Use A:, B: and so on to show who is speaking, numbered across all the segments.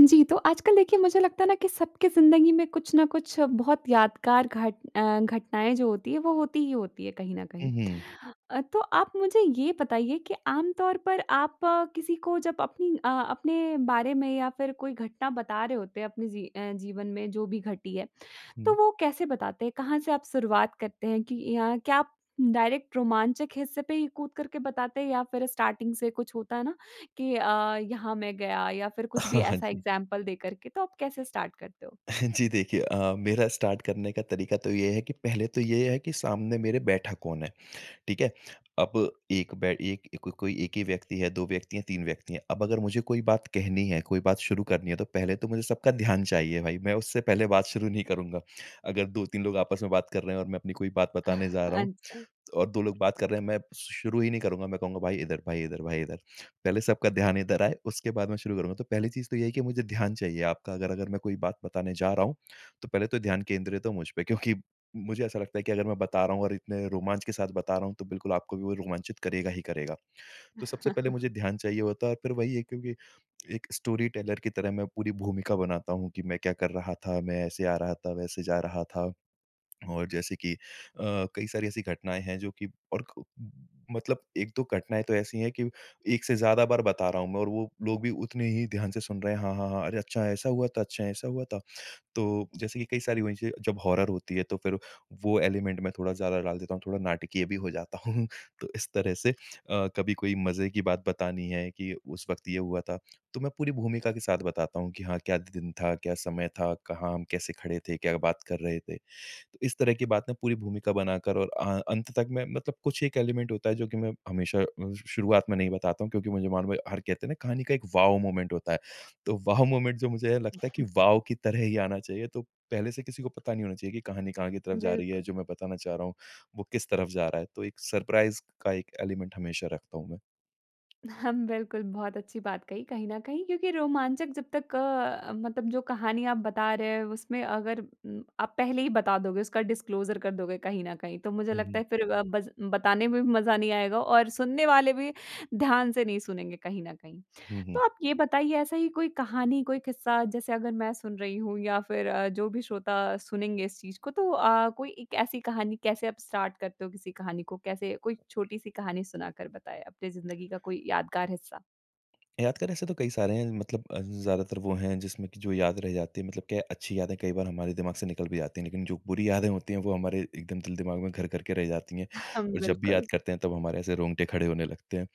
A: जी, तो आजकल देखिए मुझे लगता है ना कि सबकी ज़िंदगी में कुछ ना कुछ बहुत यादगार घट अ, घटनाएँ जो होती हैं वो होती ही होती है कहीं न कहीं।
B: हुँ, हुँ।
A: अ, तो आप मुझे ये बताइए कि आम तौर पर आप किसी को जब अपनी अ, अपने बारे में या फिर कोई घटना बता रहे होते अपने ज़ी अ, जीवन में जो भी घटी है। तो
B: हुँ।
A: वो कैसे बताते हैं? कहाँ से आप शुरुआत करते हैं, कि अ, या क्या आप डायरेक्ट रोमांचक हिस्से पर ही कूद करके बताते हैं या फिर स्टार्टिंग से कुछ होता है ना? कि अ, यहाँ मैं गया या फिर कुछ भी
B: हाँ, हाँ।
A: ऐसा
B: जी।
A: एग्जांपल दे कर के। तो आप कैसे स्टार्ट करते हो?
B: जी, देखिए अ, मेरा स्टार्ट करने का तरीका तो ये है कि, पहले तो ये है कि सामने मेरे बैठा कौन है। ठीक है? अब एक बै एक क कोई 1 ही व्यक्ति है, 2 व्यक्ति है, 3 व्यक्ति है। अब अगर मुझे कोई बात कहनी है, कोई बात शुरू करनी है तो पहले तो मुझे सबका ध्यान चाहिए भई, मैं उससे पहले बात शुरू नहीं करूँगा। अगर 2-3 लोग आपस में बात कर रहे हैं और मैं अपनी कोई बात बताने जा रहा हूँ, त
A: अच्छा।
B: और 2 लोग बात कर रहे हैं मैं शु शुरू ही नहीं करूँगा। मैं कहूँगा, "भाई इधर, भाई इधर, भाई इधर।" पहले सबका ध्यान इधर आए, उसके बाद मैं शुरू करूँगा। तो पहली चीज़ तो यही है कि मुझे ध्यान चाहिए आपका अगर, अगर मैं कोई बात बताने जा रहा हूँ, तो पहले तो ध्यान केंद्रित हो मुझ पे। क्योंकि मुझे ऐसा लगता है कि अगर मैं बता रहा हूँ और इतने रोमांच के साथ बता रहा हूँ, तो बिल्कुल आपको भी वो रोमांचित करेगा ही करेगा। तो सबसे पहले मुझे ध्यान चाहिए होता है और फिर वही है, क्योंकि एक स्टोरी टेलर की तरह मैं पूरी भूमिका बनाता हूँ, कि मैं क्या कर रहा था, मैं ऐसे आ रहा था, वैसे जा रहा था। और जैसे कि अ, कई सारी ऐसी घटनाएँ हैं जो कि और क मतलब 1-2 घटनाएँ तो ऐसी है कि 1 से ज़्यादा बार बता रहा हूँ मैं, और वो लोग भी उतने ही ध्यान से सुन रहे हैं। हाँ, हाँ, हाँ। अरे अच्छा। ऐसा हुआ था? अच्छा, ऐसा हुआ था? तो, जैसे कि कई सारी वही से जब हॉरर होती है, तो फिर वो एलिमेंट मैं थोड़ा ज़्यादा डाल देता हूँ, थोड़ा नाटकीय भी हो जाता हूँ। तो, इस तरह से अ, कभी कोई मज़े की बात बतानी है कि, उस वक़्त ये हुआ था। तो, मैं पूरी भूमिका के साथ बताता हूँ कि हाँ, क्या द दिन था? क्या समय था? कहाँ हम कैसे खड़े थे? क्या बात कर रहे थे? तो इस तरह की बात ना, पूरी भूमिका बनाकर और अ, अंत तक मैं मतलब कुछ एक एलिमेंट होता है जो कि मैं हमेशा अ, श शुरुआत में नहीं बताता हूँ, क्योंकि मुझे मालूम है हर कहते है ना कहानी का एक वाओ मोमेंट होता है। तो वाओ मोमेंट जो मुझे है लगता है कि वाओ की तरह ही आना चाहिए। तो, पहले से किसी को पता नहीं होना चाहिए कि कहानी कहाँ की तरफ़ जा रही है,
A: बिल्कुल।
B: जो मैं बताना चाह रहा हूँ। वो किस तरफ़ जा रहा है। तो एक सरप्राइज़ का एक एलिमेंट हमेशा रखता हूँ, मैं।
A: हाँ। बिल्कुल बहुत अच्छी बात कही, कहीं न कहीं क्योंकि रोमांचक जब तक अ, मतलब जो कहानी आप बता रहे हैं, उसमें अगर उम, आप पहले ही बता दोगे उसका डिस्क्लोज़र कर दोगे कहीं न कहीं, तो मुझे
B: हुँ,
A: लगता
B: हुँ।
A: है फिर अ, बज़ बताने में भी मज़ा नहीं आएगा और सुनने वाले भी, ध्यान से नहीं सुनेंगे कहीं न कहीं।
B: हुँ, हुँ।
A: तो आप ये बताइए ऐसा ही कोई कहानी, कोई किस्सा जैसे अगर मैं सुन रही हूँ या फिर अ, जो भी श्रोता सुनेंगे इस चीज़ को तो अ, कोई 1 ऐसी कहानी कैसे आप स्टार्ट करते हो किसी कहानी को? कैसे कोई छोटी-सी कहानी सुनाकर बताएँ अपने ज़िंदगी का कोई यादगार हिस्सा।
B: यादगार ऐसे तो कई सारे हैं। मतलब अ, ज़्यादातर वो हैं जिसमें कि जो याद रह जाती है मतलब क्या है अच्छी यादें कई बार हमारे दिमाग़ से निकल भी जातीं है लेकिन जो बुरी यादें होती हैं वो हमारे एकदम दिल-दिमाग़ में घर करके रह जाती हैं
A: हाँ,
B: और जब भी याद
A: बिल्कुल।
B: करते हैं तब हमारे ऐसे रोंगटे खड़े होने लगते हैं।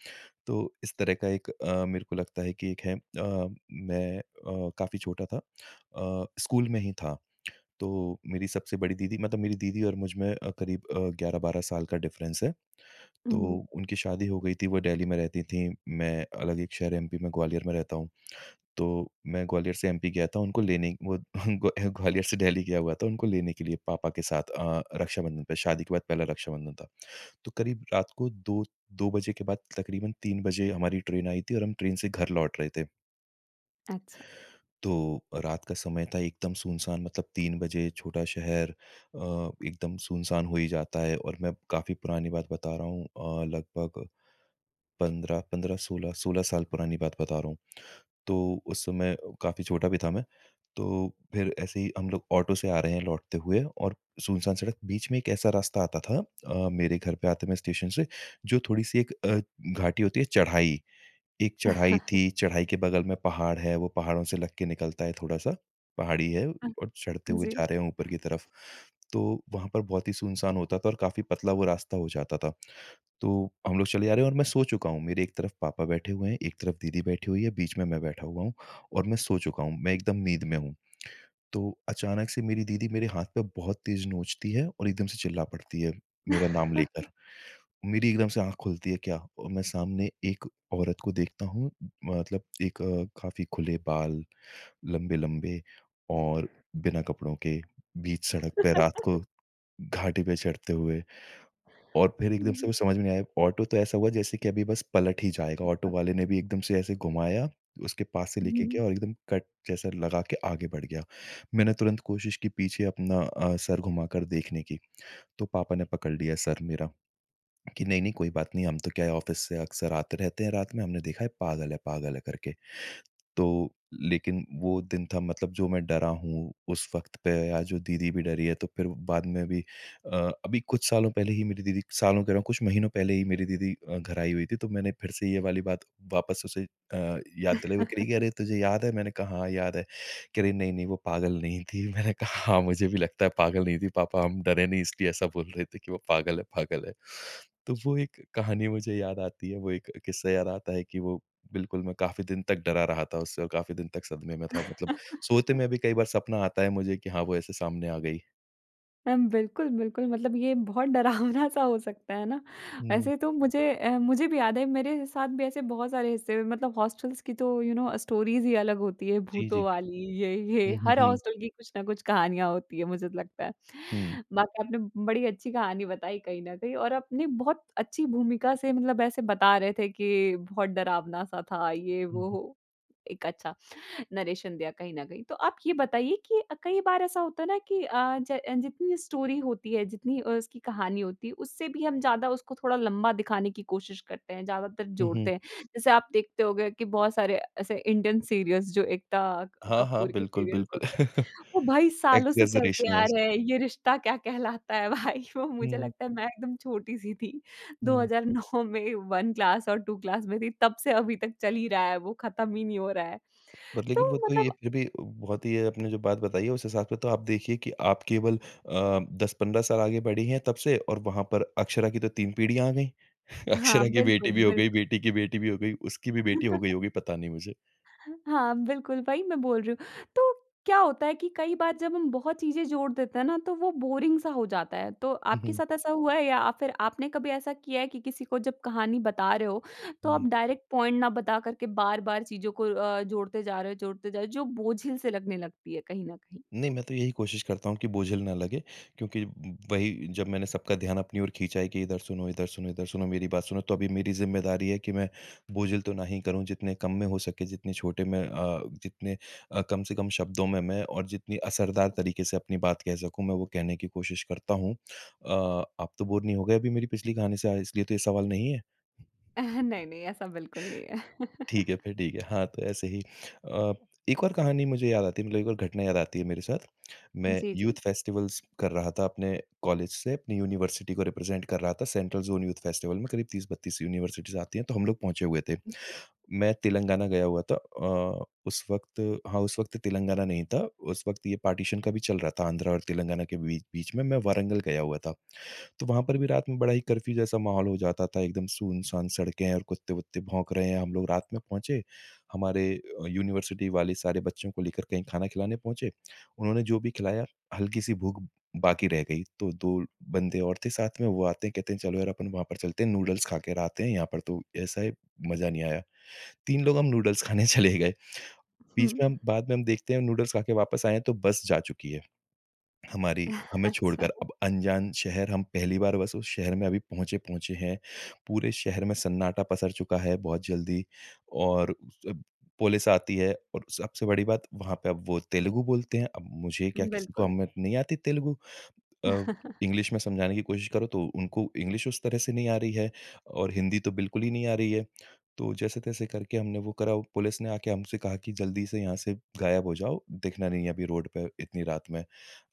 B: तो इस तरह का एक अ, मेरे को लगता है कि एक है। अ, मैं अ, काफ़ी छोटा था। अ, स्कूल में ही था। तो मेरी सबसे बड़ी दीदी मतलब मेरी दीदी और मुझमें अ, क़रीब अ, 11-12 साल का डिफ़रेंस है तो
A: उहुँ।
B: उनकी शादी हो गई थी। वो दिल्ली में रहतीं थीं। मैं अलग एक शहर एमपी में ग्वालियर में रहता हूँ। तो मैं ग्वालियर से एमपी गया था उनको लेने। वो ग्वा ग्वालियर से दिल्ली गया हुआ था उनको लेने के लिए पापा के साथ। अ अ, रक्षाबंधन पे शादी के बाद पहला रक्षाबंधन था। तो क़रीब रात को 2-2 बजे के बाद तक़रीबन 3 बजे हमारी ट्रेन आई थी और हम ट्रेन से घर लौट रहे थे।
A: अच्छा।
B: तो अ, रात का समय था एकदम सुनसान मतलब 3 बजे छोटा शहर अ, एकदम सुनसान हो ही जाता है और मैं काफ़ी पुरानी बात बता रहा हूँ। अ, लगभग 15-15 16-16 साल पुरानी बात बता रहा हूँ। तो उस समय ओ काफ़ी छोटा भी था मैं। तो फ़िर ऐसे ही हम लोग ऑटो से आ रहें हैं लौटते हुए और सुनसान सड़क, बीच में एक ऐसा रास्ता आता था। अ, मेरे घर पे आते में स्टेशन से जो थोड़ी-सी एक अ, घाटी होती है, चढ़ाई। एक चढ़ाई थी। चढ़ाई के बगल में पहाड़ है वो पहाड़ों से लग के निकलता है थोड़ा-सा। पहाड़ी है
A: आह।
B: और चढ़ते हुए
A: जी।
B: जा रहे हैं ऊपर की तरफ़। तो वहाँ पर बहुत ही सुनसान होता था और काफ़ी पतला वो रास्ता हो जाता था। तो हम लोग चले जा रहे हैं और मैं सो चुका हूँ। मेरे एक तरफ़ पापा बैठे हुए हैं, एक तरफ़ दीदी बैठी हुई है, बीच में मैं बैठा हुआ हूँ और मैं सो चुका हूँ, मैं एकदम नींद में हूँ। तो अचानक से मेरी दीदी मेरे हाथ पे बहुत तेज़ नोचती है और एकदम से चिल्ला पड़ती है, मेरा नाम लेकर। मेरी एकदम से आँख खुलती है क्या और मैं सामने एक औरत को देखता हूँ। मतलब एक अ, काफ़ी खुले बाल लंबे-लंबे और बिना कपड़ों के बीच सड़क पे रात को घाटी पे चढ़ते हुए। और फ़िर एकदम से
A: जी।
B: कुछ समझ में नहीं आया, ऑटो तो ऐसा हुआ जैसे कि अभी बस पलट ही जाएगा। ऑटो
A: [unintelligible]
B: वाले ने भी एकदम से ऐसे घुमाया उसके पास से
A: हुँ,
B: लेके गया
A: हुँ।
B: और एकदम कट जैसा लगा के आगे बढ़ गया। मैंने तुरंत कोशिश की पीछे अपना अ, सर घुमाकर देखने की। तो पापा ने पकड़ लिया सर मेरा कि नहीं-नहीं कोई बात नहीं। हम तो क्या है ऑफ़िस से अक्सर आते रहते हैं रात में। हमने देखा है पागल है पागल है करके। तो लेकिन वो दिन था, मतलब जो मैं डरा हूँ उस वक़्त पे या जो दीदी भी डरी है। तो फ़िर वो बाद में भी अ, अभी कुछ सालों पहले ही मेरी दीदी, सालों कह रहा हूँ कुछ महीनों पहले ही मेरी दीदी अ, घर आई हुई थी। तो मैंने फ़िर से ये वाली बात वापस उसे अ, याद दिलाई। वो कह रही कि, "अरे तुझे याद है?" मैंने कहा, "हाँ, याद है।" कह रही नहीं-नहीं वो पागल नहीं थी। मैंने कहा हाँ, मुझे भी लगता है पागल नहीं थी। पापा हम डरे नहीं इसलिए ऐसा बोल रहे थे की वो पागल है पागल है। तो वो एक कहानी मुझे याद आती है। वो एक क़िस्सा याद आता है कि वो बिल्कुल मैं काफ़ी दिन तक डरा रहा था उससे और काफ़ी दिन तक सदमे में था। मतलब सोते में भी कई बार सपना आता है मुझे कि हाँ, वो ऐसे सामने आ गई।
A: अम, बिल्कुल, बिल्कुल, मतलब ये बहुत डरावना-सा हो सकता है ना?
B: हुँ।
A: वैसे तो मुझे अ, मुझे भी याद है, मेरे साथ भी ऐसे बहुत सारे हिस्से मतलब हॉस्टल्स की तो यू नो स्टोरीज़ ही अलग होती हैं।
B: जी, जी।
A: भूतों वाली, ये ये,
B: हुँ, हुँ,
A: हर
B: हुँ।
A: हॉस्टल की कुछ ना कुछ कहानियाँ होती हैं, मुझे तो लगता है।
B: हुँ।
A: बाकी आपने बड़ी अच्छी कहानी बताई कहीं न कहीं और आपने बहुत अच्छी भूमिका से मतलब ऐसे बता रहे थे कि बहुत डरावना-सा था ये
B: हुँ,
A: वो
B: हुँ।
A: हो, एक अच्छा नैरेशन दिया कहीं न कहीं। तो आप ये बताइए कि अ, कई बार ऐसा होता है ना कि अ, ज जितनी स्टोरी होती है, जितनी अ, उसकी कहानी होती है, उससे भी हम ज़्यादा उसको थोड़ा लंबा दिखाने की कोशिश करते हैं, ज़्यादातर
B: हुँ,
A: जोड़ते
B: हुँ।
A: हैं। जैसे आप देखते होंगे कि बहुत सारे ऐसे इंडियन सीरियल्स जो एकता
B: हाँ, हाँ,
A: कपूर के
B: बिल्कुल,
A: सीरियल्स
B: बिल्कुल।
A: होते हैं, वो भाई सालों से चलते
B: एग्ज़ैजरेशन
A: आ
B: येस।
A: रहे हैं। ये रिश्ता क्या कहलाता है भाई, वो मुझे
B: हुँ।
A: लगता है, मैं एकदम छोटी-सी थी, दो
B: हुँ।
A: हज़ार नौ में 1 क्लास और 2 क्लास में थी, तब से अभी तक चल ही रहा है वो, ख़त्म ही नहीं हो रहा है।
B: पर
A: तो
B: लेकिन वो तो ये
A: मतलब
B: फिर भी बहुत ही, आपने जो बात बताई है, उस हिसाब से तो आप देखिए कि आप केवल अ, 10-15 साल आगे बढ़ी हैं तब से और वहाँ पर अक्षरा की तो 3 पीढ़ियाँ आ गईं।
A: हाँ,
B: अक्षरा की बेटी
A: बिल्कुल,
B: भी हो गई,
A: बिल्कुल।
B: बेटी की बेटी भी हो गई, उसकी भी बेटी हो गई होगी, पता नहीं मुझे।
A: हाँ, बिल्कुल, वही मैं बोल रही हूँ। तो क्या होता है कि कई बार जब हम बहुत चीज़ें जोड़ देते हैं ना, तो वो बोरिंग सा हो जाता है, तो
B: हुँ,
A: आपके
B: हुँ।
A: साथ ऐसा हुआ है या अ, फिर आपने कभी ऐसा किया है कि किसी को जब कहानी बता रहे हो, तो आप
B: हुँ।
A: डायरेक्ट पॉइंट ना बता करके बार-बार चीज़ों को अ, जोड़ते जा रहे हो, जोड़ते जा रहे हो, जो बोझिल से लगने लगती है कहीं न कहीं?
B: नहीं, मैं तो यही कोशिश करता हूँ कि बोझिल ना लगे, क्योंकि ब वही, जब मैंने सबका ध्यान अपनी ओर खींचा है कि इधर सुनो, इधर सुनो, इधर सुनो, मेरी बात सुनो, तो अभी मेरी ज़िम्मेदारी है कि मैं बोझिल तो ना ही करूँ। जितने कम में हो सके, जितने छोटे में अ, जितने अ, कम से कम शब्दों में मैं, और जितनी असरदार तरीके से अपनी बात कह सकूँ, मैं वो कहने की कोशिश करता हूँ। अ, आप तो बोर नहीं हो गए अभी मेरी पिछली कहानी से इसलिए तो ये सवाल नहीं है?
A: नहीं-नहीं, ऐसा बिल्कुल नहीं है।
B: ठीक है, फिर ठीक है। हाँ, तो ऐसे ही अ, एक और कहानी मुझे याद आती है मतलब एक और घटना याद आती है मेरे साथ। मैं
A: जी,
B: यूथ
A: जी।
B: फ़ेस्टिवल्स कर रहा था अपने कॉलेज से, अपनी यूनिवर्सिटी को रिप्रेज़ेंट कर रहा था। सेंट्रल ज़ोन यूथ फ़ेस्टिवल में करीब 30-32 यूनिवर्सिटीज़ आती हैं तो हम लोग पहुँचे हुए थे।
A: जी।
B: मैं तेलंगाना गया हुआ था। अ, उस वक़्त हाँ, उस वक़्त तेलंगाना नहीं था, उस वक़्त ये पार्टिशन का भी चल रहा था आंध्र और तेलंगाना के बीच बीच में, मैं वारंगल गया हुआ था। तो वहाँ पर भी रात में बड़ा ही कर्फ़्यू जैसा माहौल हो जाता था, एकदम सुनसान सड़कें हैं और कुत्ते-वुत्ते भौंक रहे हैं। हम लोग रात में पहुँचे। हमारे यूनिवर्सिटी वाले सारे बच्चों को लेकर कहीं खाना खिलाने पहुँचे। उन्होंने जो भी खिलाया, हल्की-सी भूख बाकी रह गई। तो 2 बंदे और थे साथ में। वो आते हैं, कहते हैं, "चलो यार, अपन वहाँ पर चलते हैं, नूडल्स खाकर आते हैं। यहाँ पर तो ऐसा है, मज़ा नहीं आया।" 3 लोग हम नूडल्स खाने चले गए।
A: हुँ,
B: बीच
A: हुँ।
B: में हम बाद में हम देखते हैं नूडल्स खा के वापस आए हैं तो बस जा चुकी है, हमारी हमें
A: अच्छा।
B: छोड़कर। अब अनजान शहर, हम पहली बार बस उस शहर में अभी पहुँचे पहुँचे हैं। पूरे शहर में सन्नाटा पसर चुका है बहुत जल्दी, और जब पुलिस आती है और सबसे बड़ी बात वहाँ पे अब वो तेलुगु बोलते हैं। अब मुझे क्या
A: उम,
B: किसी को
A: बिल्कुल।
B: हम नहीं आती तेलुगु। अब इंग्लिश में समझाने की कोशिश करो तो उनको इंग्लिश उस तरह से नहीं आ रही है और हिंदी तो बिल्कुल ही नहीं आ रही है। तो जैसे-तैसे करके हमने वो करा। पुलिस ने आके हमसे कहा कि, "जल्दी से यहाँ से गायब हो जाओ। दिखना नहीं है अभी रोड पर इतनी रात में।"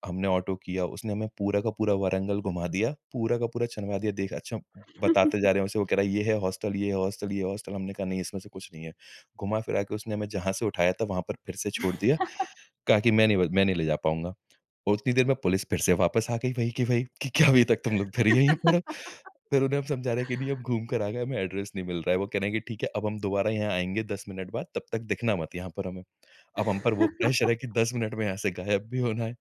B: हमने ऑटो किया। उसने हमें पूरा का पूरा वारंगल घुमा दिया। पूरा का पूरा छानवा दिया। देख अच्छा बताते जा रहे हैं उसे, वो कह रहा है, "ये है हॉस्टल, ये है हॉस्टल, ये है हॉस्टल?" हमने कहा, "नहीं इसमें से कुछ नहीं है।" घुमा-फिरा के उसने हमें जहाँ से उठाया था, वहाँ पर फिर से छोड़ दिया। कहा कि, "मैं नहीं व मैं नहीं ले जा पाऊँगा।" और उतनी देर में पुलिस फिर से वापस आ गई वही की वही कि "क्या अभी तक तुम लोग फिर यहीं पर हो?" फिर उन्हें हम समझा रहे हैं कि, "नहीं हम घूम कर आ गए, हमें एड्रेस नहीं मिल रहा है।" वो कह रहे हैं कि, "ठीक है, अब हम दोबारा यहाँ आएँगे 10 मिनट बाद, तब तक दिखना मत यहाँ पर हमें।" अब हम पर वो प्रेशर है कि 10 मिनट में यहाँ से गायब भी होना है।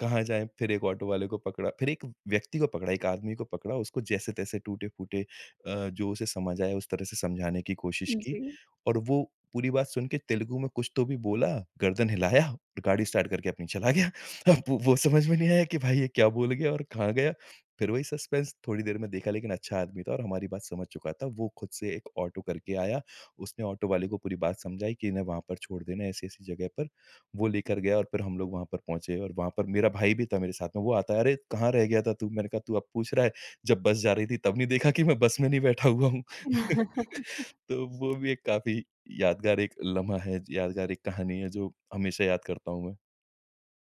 B: कहाँ जाएँ? फिर एक ऑटो वाले को पकड़ा फिर एक व्यक्ति को पकड़ा, एक आदमी को पकड़ा। उसको जैसे-तैसे टूटे-फूटे अ, जो उसे समझ आया उस तरह से समझाने की कोशिश
A: उम,
B: की,
A: जी।
B: और वो पूरी बात सुन के तेलुगु में कुछ तो भी बोला, गर्दन हिलाया और गाड़ी स्टार्ट करके अपनी चला गया। अब वो वो समझ में नहीं आया कि भाई ये क्या बोल गया और कहाँ गया, फिर वही सस्पेंस। थोड़ी देर में देखा लेकिन अच्छा आदमी था और हमारी बात समझ चुका था। वो खुद से एक ऑटो करके आया। उसने ऑटो वाले को पूरी बात समझाई कि इन्हें वहाँ पर छोड़ देना, ऐसी-ऐसी जगह पर। वो लेकर गया और फिर हम लोग वहाँ पर पहुँचे और वहाँ पर मेरा भाई भी था मेरे साथ में। वो आता है, "अरे, कहाँ रह गया था तू?" मैंने कहा, "तू अब पूछ रहा है? जब बस जा रही थी तब नहीं देखा कि मैं बस में नहीं बैठा हुआ हूँ?" तो वो भी एक काफ़ी यादगार एक लम्हा है, यादगार एक कहानी है जो हमेशा याद करता हूँ मैं।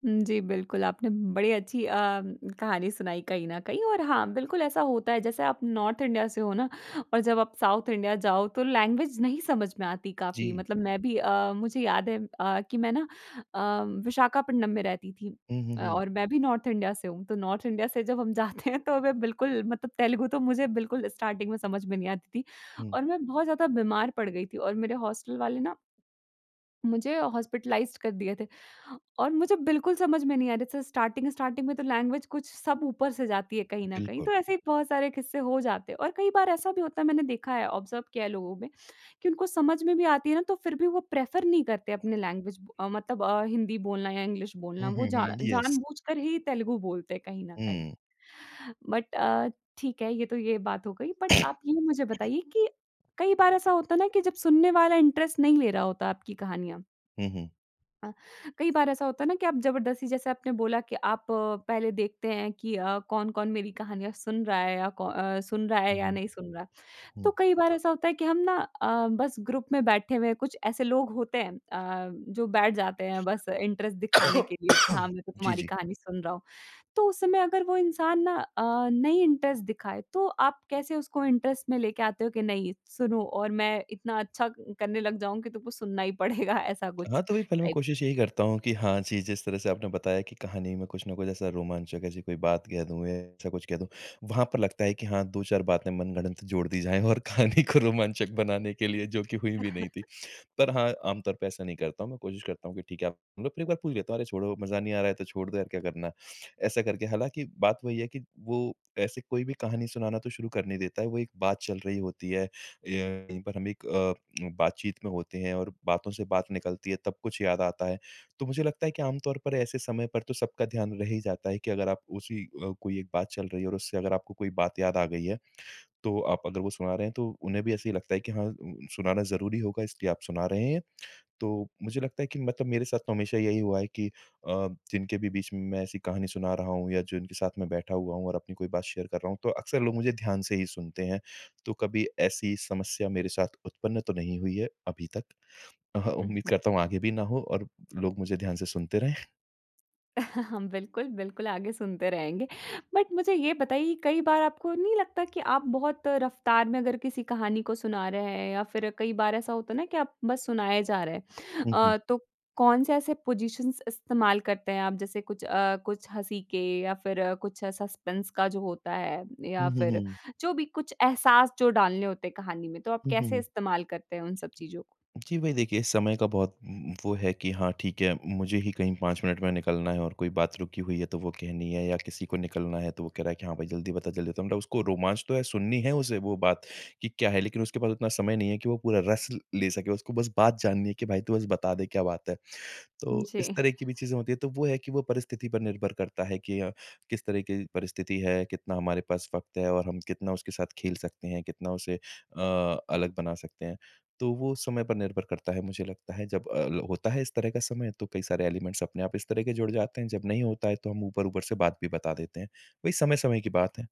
A: हुँ, जी। बिल्कुल आपने बड़ी अच्छी अ, कहानी सुनाई कहीं न कहीं और हाँ बिल्कुल ऐसा होता है। जैसे आप नॉर्थ इंडिया से हो ना और जब आप साउथ इंडिया जाओ तो लैंग्वेज़ नहीं समझ में आती काफ़ी
B: जी।
A: मतलब मैं भी अ, मुझे याद है अ, कि मैं ना अ, विशाखापट्टनम में रहती थी।
B: हुँ, हुँ,
A: अ,
B: हुँ।
A: और मैं भी नॉर्थ इंडिया से हूँ। तो नॉर्थ इंडिया से जब हम जाते हैं तो मैं बिल्कुल मतलब तेलुगु तो मुझे बिल्कुल स्टार्टिंग में समझ में नहीं आती थी।
B: हुँ।
A: और मैं बहुत ज़्यादा बीमार पड़ गई थी। और मेरे हॉस्टल वाले ना मुझे हॉस्पिटलाइज़्ड कर दिए थे। और मुझे बिल्कुल समझ में नहीं आ रही थी स्टार्टिंग-स्टार्टिंग में तो लैंग्वेज़ कुछ सब ऊपर से जाती है कहीं न कहीं
B: बिल्कुल।
A: तो ऐसे ही बहुत सारे किस्से हो जाते हैं। और कई बार ऐसा भी होता है मैंने देखा है ऑब्ज़र्व किया है लोगों में कि उनको समझ में भी आती है ना तो फ़िर भी वो प्रेफ़र नहीं करते अपनी लैंग्वेज मतलब अ, हिन्दी बोलना या इंग्लिश बोलना
B: हुँ,
A: वो
B: हुँ,
A: जान
B: हुँ। यस।
A: जान-बूझकर ही तेलुगु बोलते हैं कहीं न कहीं।
B: हुँ।
A: बट अ, ठीक है ये तो ये बात हो गई। बट आप ये मुझे बताइए कि, कई बार ऐसा होता है ना कि जब सुनने वाला इंटरेस्ट नहीं ले रहा होता आपकी कहानियाँ
B: हुँ, हुँ।
A: अ, कई बार ऐसा होता है ना कि आप जबरदस्ती जैसे आपने बोला कि आप पहले देखते हैं कि अ, कौन-कौन मेरी कहानियाँ सुन रहा है या कौ अ, सुन रहा है
B: हुँ,
A: या
B: हुँ।
A: नहीं सुन रहा है।
B: हुँ।
A: तो कई बार ऐसा होता है कि हम ना अ, बस ग्रुप में बैठे हुए हैं कुछ ऐसे लोग होते हैं। अ, जो बैठ जाते हैं बस इंटरेस्ट दिखाने के लिए कि हाँ, मैं
B: जी,
A: तुम्हारी
B: जी।
A: कहानी सुन रहा हूँ। तो उस समय अगर वो इंसान ना अ, नहीं इंटरेस्ट दिखाए तो आप कैसे उसको इंटरेस्ट में लेके आते हो कि नहीं सुनो और मैं इतना अच्छा क करने लग जाऊँ कि तुमको सुनना ही पड़ेगा ऐसा कुछ
B: हाँ, तो भई पहले मैं
A: टाइप्स।
B: कोशिश यही करता हूँ कि हाँ, जी जिस तरह से आपने बताया कि कहानी में कुछ ना कुछ ऐसा रोमांचक ऐसी कोई बात कह दूँ ए ऐसा कुछ कह दूँ। वहाँ पर लगता है कि हाँ 2-4 बातें मनगढ़ंत जोड़ दी जाए और कहानी को रोमांचक बनाने के लिए जो कि हुई भी नहीं थी। पर हाँ आम तौर पे ऐसा नहीं करता हूँ। मैं कोशिश करता हूँ कि ठीक है आप फ़िर एक बार पूछ लेता हूँ अरे छोड़ो मज़ा नहीं आ रहा है तो छोड़ दो यार क्या करना है। ऐसा करके हालाँकि बात वही है कि वो ऐसे कोई भी कहानी सुनाना तो शुरू कर नहीं देता है। वो एक बात चल रही होती है। यहीं पर हम एक अ, बातचीत में होते हैं और बातों से बात निकलती है तब कुछ याद आता है। तो मुझे लगता है कि आम तौर पर ऐसे समय पर तो सबका ध्यान रह ही जाता है कि अगर आप उसी अ, कोई एक बात चल रही है और उससे अगर आपको कोई बात याद आ गई है तो आप अगर वो सुना रहे हैं तो उन्हें भी ऐसे ही लगता है कि हाँ उम सुनाना ज़रूरी होगा इसलिए आप सुना रहे हैं। तो मुझे लगता है कि मतलब मेरे साथ तो हमेशा यही हुआ है कि अ, जिनके भी बीच मैं ऐसी कहानी सुना रहा हूँ या जो जिनके साथ मैं बैठा हुआ हूँ और अपनी कोई बात शेयर कर रहा हूँ तो अक्सर लोग मुझे ध्यान से ही सुनते हैं। तो कभी ऐसी समस्या मेरे साथ उत्पन्न तो नहीं हुई है अभी तक। अहा
A: उ,
B: उम्मीद
A: हुँ।
B: करता हूँ आगे भी ना हो और लोग मुझे ध्यान से सुनते रहें।
A: बिल्कुल, बिल्कुल आगे सुनते रहेंगे, बट मुझे ये बताइए कई बार आपको नहीं लगता कि आप बहुत रफ़्तार में अगर किसी कहानी को सुना रहे हैं, या फिर कई बार ऐसा होता है ना कि आप बस सुनाए जा रहे हैं
B: हुँ, हुँ।
A: अ, तो कौन से ऐसे पोज़िशन्स इस्तेमाल करते हैं आप? जैसे कुछ अ, कुछ हँसी के या फिर कुछ सस्पेंस का जो होता है
B: हुँ,
A: या
B: हुँ,
A: फिर
B: हुँ।
A: जो भी कुछ एहसास जो डालने होते हैं कहानी में, तो आप
B: हुँ, हुँ,
A: कैसे
B: हुँ।
A: इस्तेमाल करते हैं उन सब चीज़ों
B: जी भई देखिए समय का बहुत उम उम, वो है कि हाँ ठीक है, मुझे ही कहीं 5 मिनट में निकलना है और कोई बात रुकी हुई है तो वो कहनी है या किसी को निकलना है तो वो कह रहा है कि हाँ भाई जल्दी बता जल्दी। उसको रोमांच तो है सुननी है उसे वो बात, कि क्या है? लेकिन उसके पास उतना समय नहीं है कि वो पूरा रस ल ले सके, उसको बस बात जाननी है कि भई तू बस बता दे क्या बात है। तो इस
A: जी।
B: तरह की भी चीज़ें होती हैं। तो वो है कि वो परिस्थिति पर निर्भर करता है कि अ, किस तरह की परिस्थिति है? कितना हमारे पास वक़्त है? और हम कितना उसके साथ खेल सकते हैं? कितना उसे अ, अलग बना सकते हैं? तो वो समय पर निर्भर करता है मुझे लगता है। जब अ, ल होता है इस तरह का समय तो कई सारे एलिमेंट्स अपने आप इस तरह के जुड़ जाते हैं, जब नहीं होता है तो हम ऊपर-ऊपर से बात भी बता देते हैं। वही समय-समय की बात है।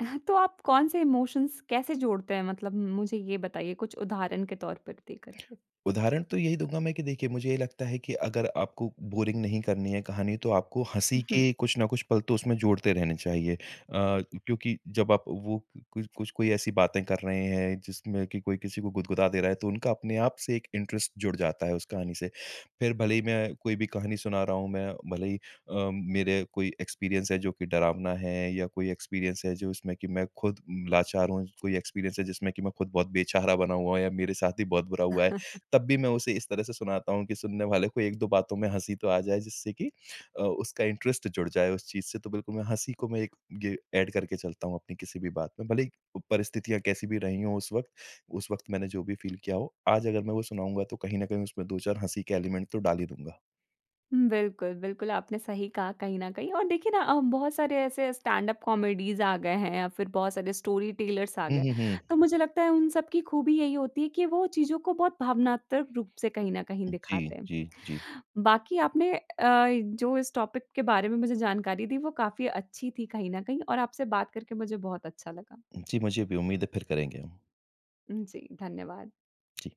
A: अ, ह तो आप कौन-से इमोशंस कैसे जोड़ते हैं? मतलब मुझे ये बताइए कुछ उदाहरण के तौर पर दे करके।
B: उदाहरण तो यही दूँगा मैं कि देखिए मुझे ये लगता है, कि अगर आपको बोरिंग नहीं करनी है कहानी, तो आपको हँसी
A: उहुँ।
B: के कुछ ना कुछ पल तो उसमें जोड़ते रहने चाहिए। अ अ, क्योंकि जब आप वो कु कुछ कुछ कोई ऐसी बातें कर रहे हैं जिसमें कि कोई किसी को गुदगुदा दे रहा है, तो उनका अपने आप से एक इंटरेस्ट जुड़ जाता है उस कहानी से। फिर भले ही मैं कोई भी कहानी सुना रहा हूँ, मैं भले ही अ, मेरे कोई एक्सपीरियंस है जो कि डरावना है या कोई एक्सपीरियंस है जो उसमें कि मैं खुद लाचार हूँ, स कोई एक्सपीरियंस है जिसमें कि मैं खुद बहुत बेचारा बना हुआ हूँ या मेरे साथ ही बहुत बुरा हुआ है। तब भी मैं उसे इस तरह से सुनाता हूँ कि सुनने वाले को 1-2 बातों में हँसी तो आ जाए जिससे कि अ, उसका इंटरेस्ट जुड़ जाए उस चीज़ से। तो बिल्कुल मैं हँसी को मैं एक ये ऐड करके चलता हूँ अपनी किसी भी बात में, भले ही परिस्थितियाँ कैसी भी रही हो उस वक़्त उस वक़्त मैंने जो भी फील किया हो, आज अगर मैं वो सुनाऊँगा, तो कहीं न कहीं उसमें 2-4 हँसी के एलिमेंट तो डाल ही दूँगा।
A: हुँ, बिल्कुल, बिल्कुल, आपने सही कहा कहीं न कहीं और देखिए ना अ, बहुत सारे ऐसे स्टैंडअप कॉमेडीज़ आ गए हैं या फिर बहुत सारे स्टोरीटेलर्स आ
B: हुँ,
A: गए,
B: हुँ, हुँ।
A: तो मुझे लगता है उन सबकी खूबी यही होती है कि वो चीज़ों को बहुत भावनात्मक रूप से कहीं न कहीं
B: जी,
A: दिखाते हैं।
B: जी, जी।
A: बाकी आपने अ, जो इस टॉपिक के बारे में मुझे जानकारी दी वो काफ़ी अच्छी थी कहीं न कहीं और आपसे बात करके मुझे बहुत अच्छा लगा।
B: जी, मुझे भी उम्मीद है फिर करेंगे हम।
A: हुँ, जी धन्यवाद।
B: जी।